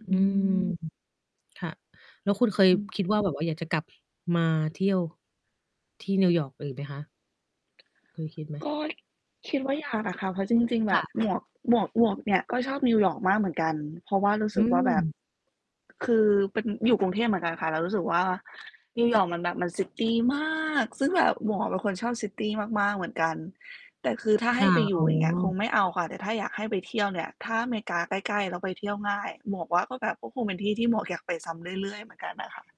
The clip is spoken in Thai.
ออืืม ม ค่ะ แล้วคุณเคยอืม คิดว่า แบบว่าอยากจะกลับมาเที่ยวที่นิวยอร์กอีกไหมคะ? เคยคิดไหม? ก็ คิดว่าอยากอะค่ะ เพราะจริง ๆ แคบ่บะ หมวก หมวก หมวกเนี่ย ก็ชอบนิวยอร์กมากเหมือนกัน เพราะว่ารู้สอืึกว่าแบบ ม คือเป็น อยู่กรุงเทพเหมือนกันค่ะ แล้วรู้สึกว่า นิวยอร์กมันแบบ มัน ซิตี มาก ซึ่งแบบหมวกเป็นคนชอบ ซิตี มาก ๆ เหมือนกัน แต่คือถ้าคให้่ะ ไปอยอู๋่ อย่างเงี้ย คงอ ไม่เอาค่ะ แต่ถ้าอยากให้ไปเที่ยวเนี่ย ถ้าอเมริกาใกล้ ๆ แล้วไปเที่ยวง่าย หมวกว่าก็แบบ ก็คงเป็นที่ที่หมวกอยากไปซ้ำเรื่อย ๆ เหมือนกันน่ะค่ะ